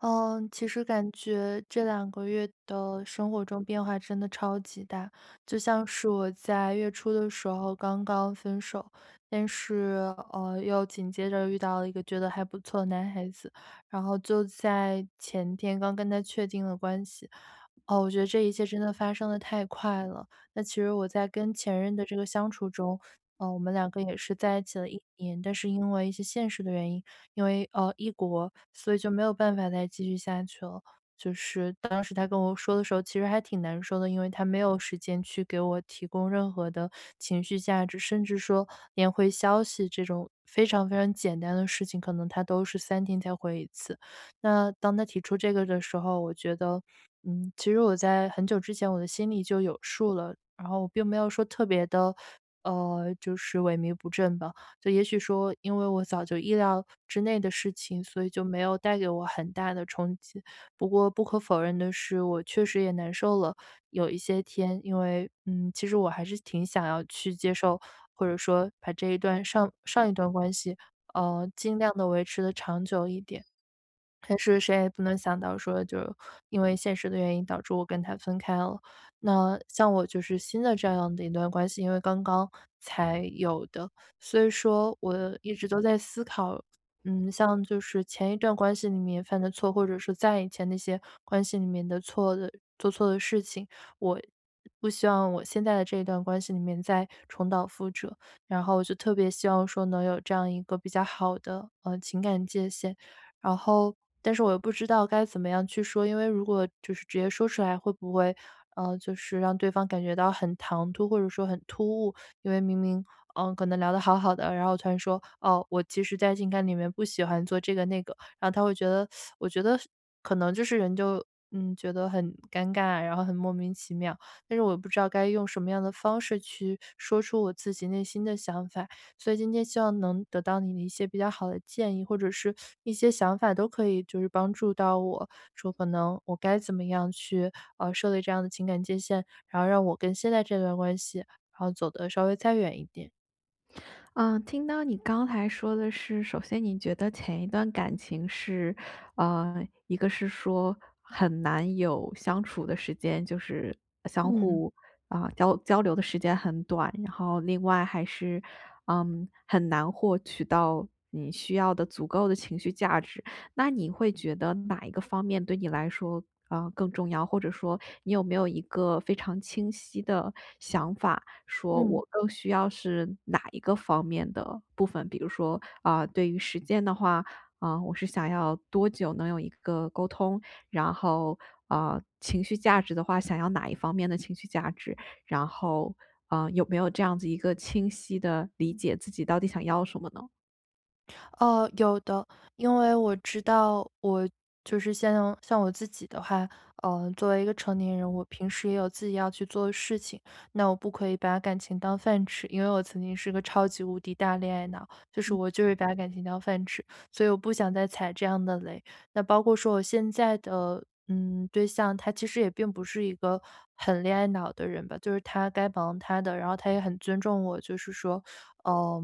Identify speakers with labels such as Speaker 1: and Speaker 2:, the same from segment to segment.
Speaker 1: 呃，其实感觉这两个月的生活中变化真的超级大。就像是我在月初的时候刚刚分手，但是，哦，又紧接着遇到了一个觉得还不错的男孩子，然后就在前天刚跟他确定了关系，哦，我觉得这一切真地发生得太快了。其实我在跟前任的这个相处中，呃，我们两个也是在一起了1年，但是因为一些现实的原因，因为，呃，异国，所以就没有办法再继续下去了，就是当时他跟我说的时候其实还挺难受的，因为他没有时间去给我提供任何的情绪价值，甚至说连回消息这种非常非常简单的事情，可能他都是3天才回1次。那当他提出这个的时候，我觉得呃，其实我在很久之前我的心里就有数了，然后我并没有说特别地，呃，就是萎靡不振吧，就也许说因为我早就意料之内的事情，所以就没有带给我很大的冲击。不过不可否认的是，我确实也难受了有一些天，因为嗯，其实我还是挺想要去接受，或者说把这一段上上一段关系，呃，尽量地维持得长久一点，但是谁也不能想到说就是因为现实的原因导致我跟他分开了。那像我就是新的这样的一段关系，因为刚刚才有的，所以说我一直都在思考，嗯，像就是前一段关系里面犯的错，或者是再以前那些关系里面的错的做错的事情，我不希望我现在的这一段关系里面再重蹈覆辙，然后就特别希望说能有这样一个比较好的，呃，情感界限。然后但是我又不知道该怎么样去说，因为如果就是直接说出来，会不会，嗯，就是让对方感觉到很唐突，或者说很突兀，因为明明，呃，可能聊得好好的，然后突然说，“哦，我其实在情感里面不喜欢做这个那个，”然后他会觉得 我觉得可能就是人就，呃，觉得很尴尬，然后很莫名其妙。但是我也不知道该用什么样的方式去说出我自己内心的想法，所以今天希望能得到你的一些比较好的建议，或者是一些想法，都可以就帮助到我，说可能我该怎么样去，呃，设立这样的情感界限，然后让我跟现在这段关系，然后走得稍微再远一点。
Speaker 2: 嗯。听到你刚才说的是，首先你觉得前一段感情是呃，一个是说，很难有相处的时间。就是，相
Speaker 1: 嗯。
Speaker 2: 互，嗯，交交流的时间很短，然后另外还是，嗯，很难获取到你需要的足够的情绪价值。那你会觉得哪一个方面对你来说，呃，更重要？或者说，你有没有一个非常清晰的想法，说
Speaker 1: 嗯。
Speaker 2: 我更需要是哪一个方面的部分？比如说，嗯，对于时间的话，嗯，我是想要多久能有一个沟通？然后，嗯，情绪价值的话，想要哪一方面的情绪价值？然后，嗯，有没有这样子一个清晰的理
Speaker 1: 嗯。
Speaker 2: 解自己到底想要什么呢？
Speaker 1: 呃，有的。因为我知道，我就是像像我自己的话，呃，作为一个成年人，我平时也有自己要去做的事情。那我不可以把感情当饭吃，因为我曾经是个超级无敌大恋爱脑。就是
Speaker 2: 嗯。
Speaker 1: 我就是会把感情当饭吃，所以我不想再踩这样的雷。那包括说我现在的，嗯，对象，他其实也并不是一个很恋爱脑的人吧。就是他该忙他的，然后他也很尊重我。就是说，呃，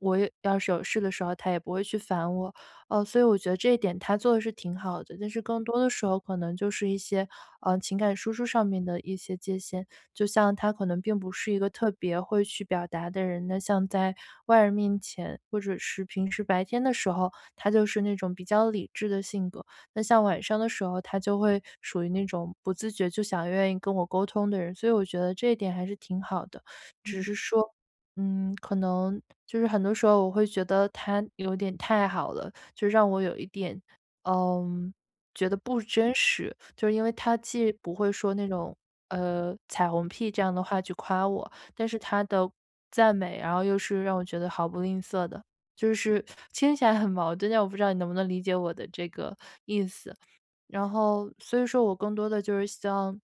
Speaker 1: 我要是有事的时候，他也不会去烦我。呃，所以我觉得这一点他做的是挺好的。但是更多的时候可能就是一些，嗯，情感输出上面的一些界限。就像他可能并不是一个特别会去表达的人，那像在外人面前，或者是平时白天的时候，他就是那种比较理智的性格。那像晚上的时候，他就会属于那种不自觉就想愿意跟我沟通的人，所以我觉得这一点还是挺好的。只
Speaker 2: 嗯。
Speaker 1: 是说，嗯，可能就是很多时候我会觉得，他有点太好了，就让我有一点，嗯，觉得不真实。就是因为他既不会说那种，呃，彩虹屁这样的话去夸我，但是他的赞美，然后又是让我觉得毫不吝啬的。就是听起来很矛盾，但我不知道你能不能理解我的这个意思。然后所以说我更多的就是像，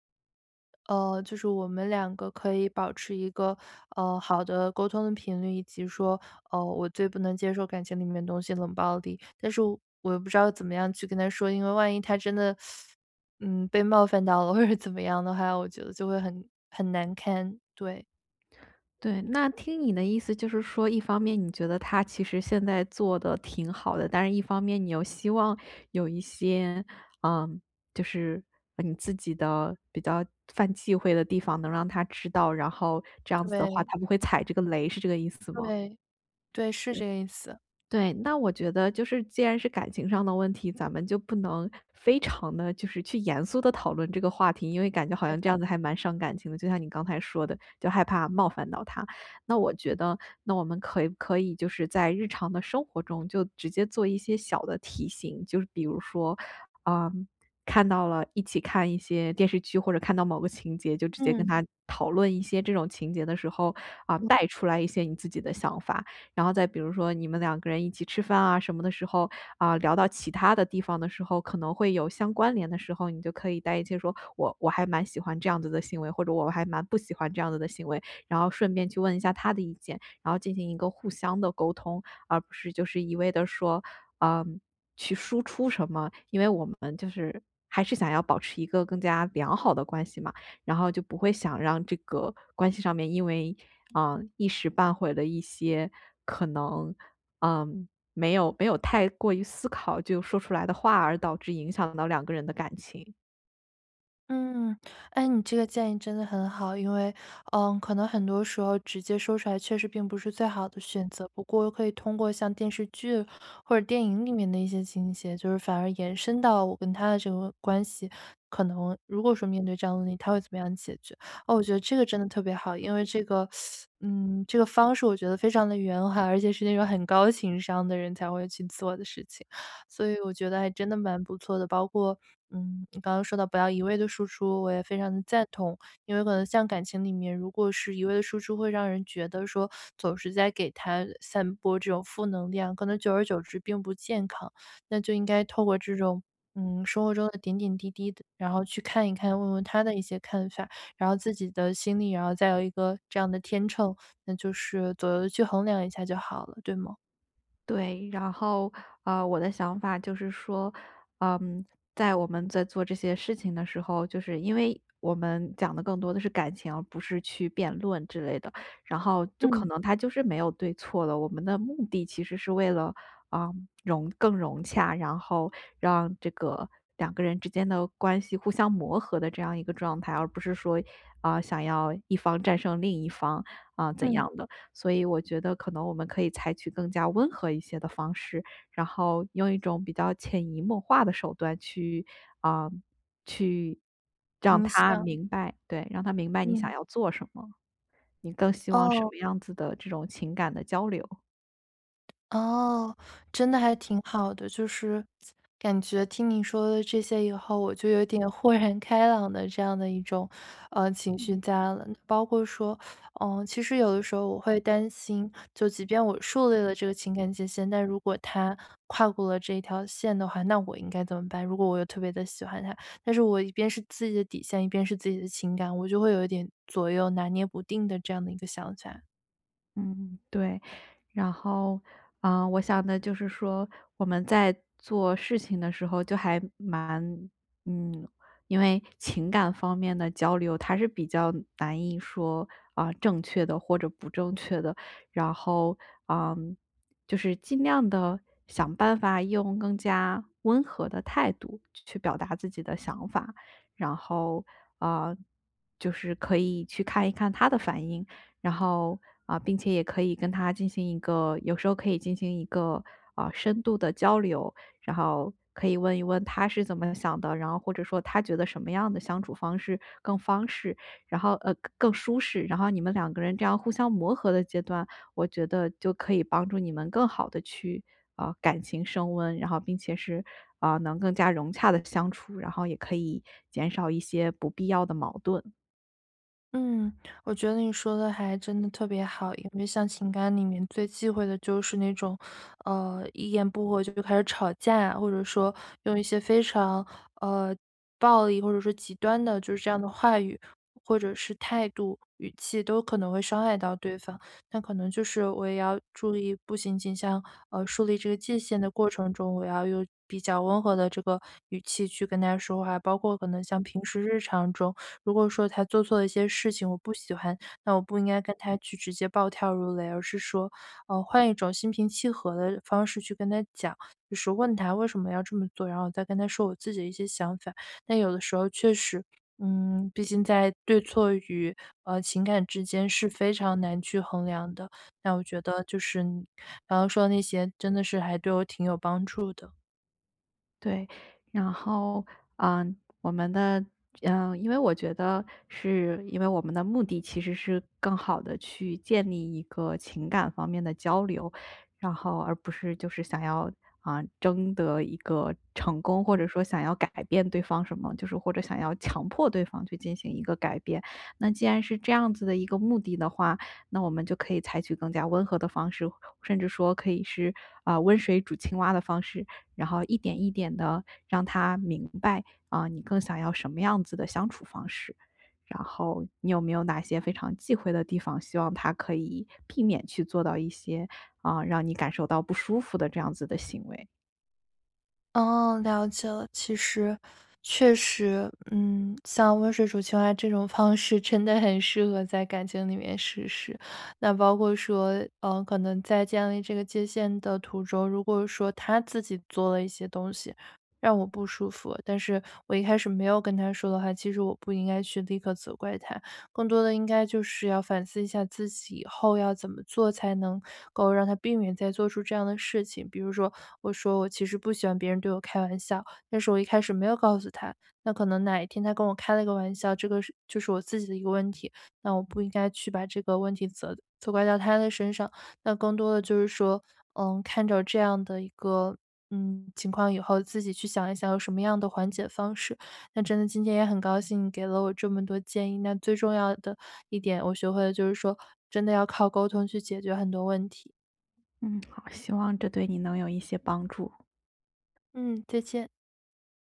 Speaker 1: 呃，就是我们两个可以保持一个，嗯，好的沟通的频率，以及说，嗯，我最不能接受感情里面的东西冷暴力。但是，我又不知道怎么样去跟他说。因为万一他真的，嗯，被冒犯到了，或者怎么样的话，我觉得就会很很难堪，对。
Speaker 2: 对，那听你的意思就是说，一方面你觉得他其实现在做得挺好的；但是一方面你又希望，有一些，呃，就是，你自己的比较犯忌讳的地方能让他知道，然后，这样子的话
Speaker 1: 对。
Speaker 2: 他不会踩这个雷是这个意思吗？
Speaker 1: 对。对是这个意思。
Speaker 2: 对，那我觉得就是既然是感情上的问题，咱们就不能，非常地就是去严肃地讨论这个话题，因为感觉好
Speaker 1: 对。
Speaker 2: 像这样子还蛮伤感情的，就像你刚才说的，就害怕冒犯到他。那我觉得，那我们可可以就是在日常的生活中就直接做一些小的提醒，就是比如说，呃看到了一起看一些电视，或者看到某个情节，就直接跟
Speaker 1: 嗯。
Speaker 2: 他，讨论一些这种情节的时候，啊带出来一些你自己的想法。然后再比如说，你们两个人一起吃饭啊什么的时候，啊聊到其他的地方的时候，可能会有相关联的时候，你就可以带一些说，“我我还蛮喜欢这样子的行为”，或者，“我还蛮不喜欢这样子的行为”，然后顺便去问一下他的意见，然后进行一个互相的沟通。而不是就是一味地说，呃，去输出什么。因为我们就是，还是想要保持一个更加良好的关系嘛，然后就不会想让这个关系上面因为，呃，一时半会儿了一些，可能，呃没有没有太过于思考就说出来的话，而导致影响到两个人的感情。
Speaker 1: 嗯。哎，你这个建议真的很好，因为，嗯，可能很多时候直接说出来确实并不是最好的选择。不过可以通过像电视剧，或者电影里面的一些情节，就是反而延伸到我跟他的这个关系。可能如果说面对这样的问题，他会怎么样解决？哦，我觉得这个真的特别好，因为这个，嗯，这个方式我觉得非常地圆滑，而且是那种很高情商的人才会去做的事情。所以我觉得真的蛮不错的，包括，嗯，你刚刚说到不要一味的输出，我也非常地赞同。因为可能像感情里面，如果是一味地输出，会让人觉得说，总是在给他散播这种负能量，可能久而久之并不健康。那就应该透过这种，嗯，生活中的点点滴滴的然后去看一看，问问他的一些看法。然后自己的心里，然后再有一个这样的天秤，那就是左右去衡量一下就好了，对吗？
Speaker 2: 对。然后，呃，我的想法就是说，嗯，在我们在做这些事情的时候，就是，因为我们讲的更多的是感情，而不是去辩论之类的。然后就可
Speaker 1: 嗯。
Speaker 2: 能他就是没有对错了，我们的目的其实是为了，呃，融更融洽，然后让这个，两个人之间的关系互相磨合的这样一个状态，而不是说，嗯，想要一方战胜另一方，嗯，怎
Speaker 1: 嗯。
Speaker 2: 样的。所以我觉得可能我们可以采取更加温和一些的方式，然后，用一种比较潜移默化的手段去嗯，去让
Speaker 1: 你
Speaker 2: 他
Speaker 1: 像
Speaker 2: 明白对，让他明白你想
Speaker 1: 嗯。
Speaker 2: 要做什么，你更希望什
Speaker 1: 哦。
Speaker 2: 么样子的这种情感的交流。
Speaker 1: 哦，真得还挺好的，就是，感觉听你说的这些以后，我就有点豁然开朗的这样的一种，呃，情绪
Speaker 2: 嗯。
Speaker 1: 在了。包括说，呃，其实有的时候我会担心，就即便我树立了这个情感界限，但如果他跨过了这条线的话，那我应该怎么办？如果我又特别地喜欢他，但是我一边是自己的底线，一边是自己的情感，我就会有一点左右拿捏不定的这样的一个想起来。
Speaker 2: 嗯，对。然后，呃，我想的就是说，我们在做事情的时候就还蛮嗯，因为情感方面的交流，它是比较难以说，啊，正确的或者不正确的，然后，嗯，就是尽量地想办法用更加温和的态度，去去表达自己的想法。然后，呃，就是可以去看一看他的反应，然后呃，并且也可以跟他进行一个有时候可以进行一个，呃，深度的交流，然后可以问一问他是怎么想的，然后或者说他觉得什么样的相处方式更方便。然后，呃，更更舒适。然后你们两个人这样互相磨合的阶段，我觉得就可以帮助你们更好地去，呃，感情升温，然后并且是，呃，能更加融洽地相处，然后也可以减少一些不必要的矛盾。
Speaker 1: 嗯，我觉得你说得还真的特别好，因为像情感里面最忌讳的就是那种，呃一言不合就比如开始吵架啊，或者说，用一些非常呃，暴力或者是极端的就是这样的话语，或者是态度、语气，都可能会伤害到对方。那可能就是我也要注意不仅仅像呃树立这个界限的过程中，我要用比较温和的这个语气去跟他说话，包括可能像平时日常中，如果说他做错了一些事情，我不喜欢，那我不应该跟他去直接暴跳如雷而是说，呃换一种心平气和地方式去跟他讲，就是问他，“为什么要这么做”？然后我再跟他说我自己的一些想法，但有的时候确实，嗯毕竟在对错与，呃情感之间是非常难去衡量的，那我觉得就是然后说那些真的是还对我挺有帮助的。
Speaker 2: 对，然后，呃我们的呃因为我觉得，是因为我们的目的其实是，更好地去建立一个情感方面的交流，然后而不是就是想要，呃争得一个成功，或
Speaker 1: 嗯。
Speaker 2: 者说想要改变对方什么，就是或者想要强迫对方去进行一个改变。那既然是这样子的一个目的的话，那我们就可以采取更加温和的方式，甚至说可以是，呃“温水煮青蛙”的方式。然后一点一点地让他明白，呃你更想要什么样子的相处方式，然后，你有没有哪些非常忌讳的地方？希望他可以避免去做到一些，呃让你感受到不舒服的这样子的行为？
Speaker 1: 哦，了解了。其实确实，嗯，像温水煮青蛙这种方式，真的很适合在感情里面实施。那包括说，嗯，可能在建立这个界限的途中，如果说他自己做了一些东西，让我不舒服，但是我一开始没有跟他说的话，其实我不应该去立刻责怪他。更多的应该就是要反思一下自己，以后要怎么做才能够让他避免再做出这样的事情。比如说，我说我其实不喜欢别人对我开玩笑，但是我一开始没有告诉他，那可能哪一天他跟我开了个玩笑，这个是就是我自己的一个问题。那我不应该去把这个问题，责责怪到他的身上。那更多的就是说，嗯，看着这样的一个，嗯，情况以后，自己去想一想有什么样的缓解方式。那真的今天也很高兴你给了我这么多建议，那最重要的一点我学会了就是说，真的要靠沟通去解决很多问题。
Speaker 2: 嗯，好，希望这对你能有一些帮助。
Speaker 1: 嗯，再见。